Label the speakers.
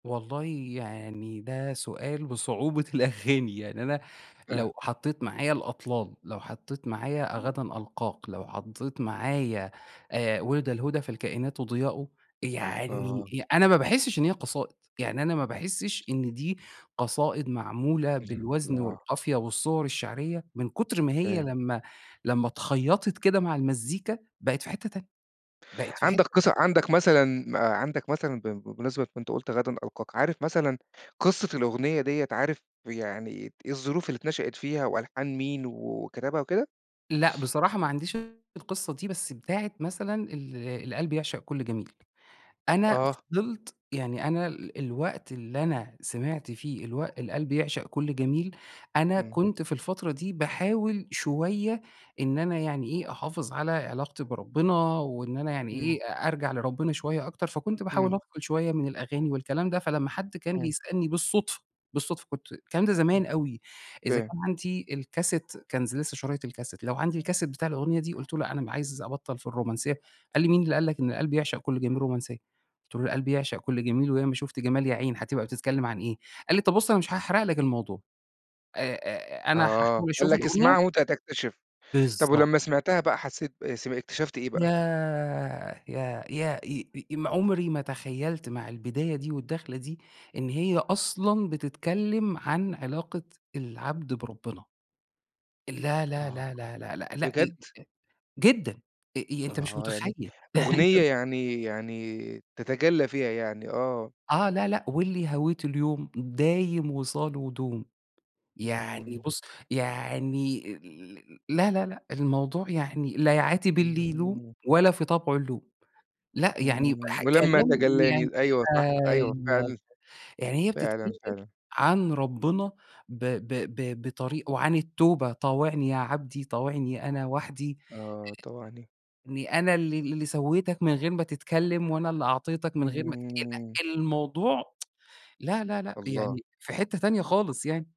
Speaker 1: والله يعني ده سؤال بصعوبة الأغاني، يعني أنا،
Speaker 2: آه.
Speaker 1: لو حطيت معايا الأطلال، لو حطيت معايا غدًا ألقاك، لو حطيت معايا، آآ، وِلد الهدى فالكائنات ضياء، يعني
Speaker 2: آه.
Speaker 1: أ أنا ما باحِسش إن هي قصائد، يعني أنا ما باحِسش إن دي، قصائد معمولة
Speaker 2: [unintelligible]
Speaker 1: بالوزن
Speaker 2: آه.
Speaker 1: والقافية والصور الشعرية، من كتر ما هي
Speaker 2: فاهم.
Speaker 1: لمّا لمّا اتخيطت كده مع المزيكا، بقت في حتّة تانية، بقت في حتّة
Speaker 2: عندك
Speaker 1: تانية.
Speaker 2: قصّة عندك مثلًا ما عندك مثلًا ب ب بمناسبة كُنت قُلت غدًا ألقاك، عارف مثلًا قصّة الأغنية ديّة، عارف يعني إيه الظروف اللي اتنشأت فيها وألحان مين و وكتبها وكده؟
Speaker 1: لأ، بصراحة ما عنديش القصّة دي بس بتاعة مثلًا ال القلب يعشق كل جميل، أنا
Speaker 2: آه.
Speaker 1: فضلت يعني أنا ال الوقت اللي أنا سمعت فيه الوقت القلب يعشق كل جميل، أنا
Speaker 2: امم.
Speaker 1: كنت في الفترة دي باحاول شويّة، إن أنا يعني إيه، أحافظ على علاقتي بربنا وإن أنا يعني إيه،
Speaker 2: امم.
Speaker 1: أ أرجع لربنا شويّة أكتر، فكنت
Speaker 2: امم.
Speaker 1: باحاول أفصل شويّة من الأغاني والكلام ده، فلمّا حد كان
Speaker 2: امم.
Speaker 1: بيسألني بالصدفة، بالصدفة كنت الكلام ده
Speaker 2: امم،
Speaker 1: زمان أوي، إذا
Speaker 2: فاهم.
Speaker 1: كان عندي الكاسيت كان ذ لسّه شرايط الكاسيت، لو عندي الكاسيت بتاع الأغنية دي، قلتُ له: "لأ، أنا عايز أبطّل في الرومانسيّة." قال لي: "مين اللي قال لك إن القلب يعشق كل جميل، رومانسيّة؟" قلتُ له: "القلب يعشق كل جميل، وياما شُفت جمال يا عين هاتبقى بتتكلّم عن إيه؟" قال لي: "طَب، بُص أنا مش هأحرق لك الموضوع." آآ، آآ، أنا
Speaker 2: آه،
Speaker 1: هاحاول
Speaker 2: قال
Speaker 1: أشوف
Speaker 2: لك
Speaker 1: الأغنية.
Speaker 2: اسمعها وأنت هتكتشف. طَب
Speaker 1: بالضبط.
Speaker 2: ولمّا سمعتها بقى، حسّيت ب سمعت اكتشفت إيه بقى؟
Speaker 1: ياه! يا يا أ أ أم عمري ما تخيلت مع البداية دي والدخلة دي، إن هي أصلًا بتتكلّم عن علاقة العبد بربنا. لأ، لأ،
Speaker 2: آه،
Speaker 1: لأ،
Speaker 2: آه،
Speaker 1: لأ، لأ، لأ، لأ، إ إ إ
Speaker 2: بجد؟
Speaker 1: جدًا. أ أ أنت مش
Speaker 2: آه، يعني،
Speaker 1: متخيل.
Speaker 2: أغنية
Speaker 1: أنت
Speaker 2: يعني يعني، تتجلّى فيها يعني آه.
Speaker 1: آه، لأ لأ، واللي هويته اليوم دايم وصاله دوم، يعني
Speaker 2: امم.
Speaker 1: بُص، يعني ال لأ لأ لأ، الموضوع يعني لا يعاتب اللي يلوم،
Speaker 2: امم.
Speaker 1: ولا في طبعه اللوم. لأ، يعني
Speaker 2: امم،
Speaker 1: واحد
Speaker 2: ولمّا
Speaker 1: كلام يعني
Speaker 2: تجلاني أيوه، صح. أيوه
Speaker 1: أيوه،
Speaker 2: فعلًا،
Speaker 1: يعني هي بتتكلّم
Speaker 2: فعلًا، فعلًا.
Speaker 1: عن ربنا، ب ب ب بطريقة وعن التوبة، طاوعني يا عبدي، طاوعني أنا وحدي،
Speaker 2: آه، طاوعني.
Speaker 1: آآ، إنّي أنا اللي اللي سويتك من غير ما تتكلّم وأنا اللي أعطيتك من غير ما تكلّم
Speaker 2: امم.
Speaker 1: لأ، الموضوع لأ لأ لأ،
Speaker 2: الله!
Speaker 1: يعني في حتّة تانية خالص يعني.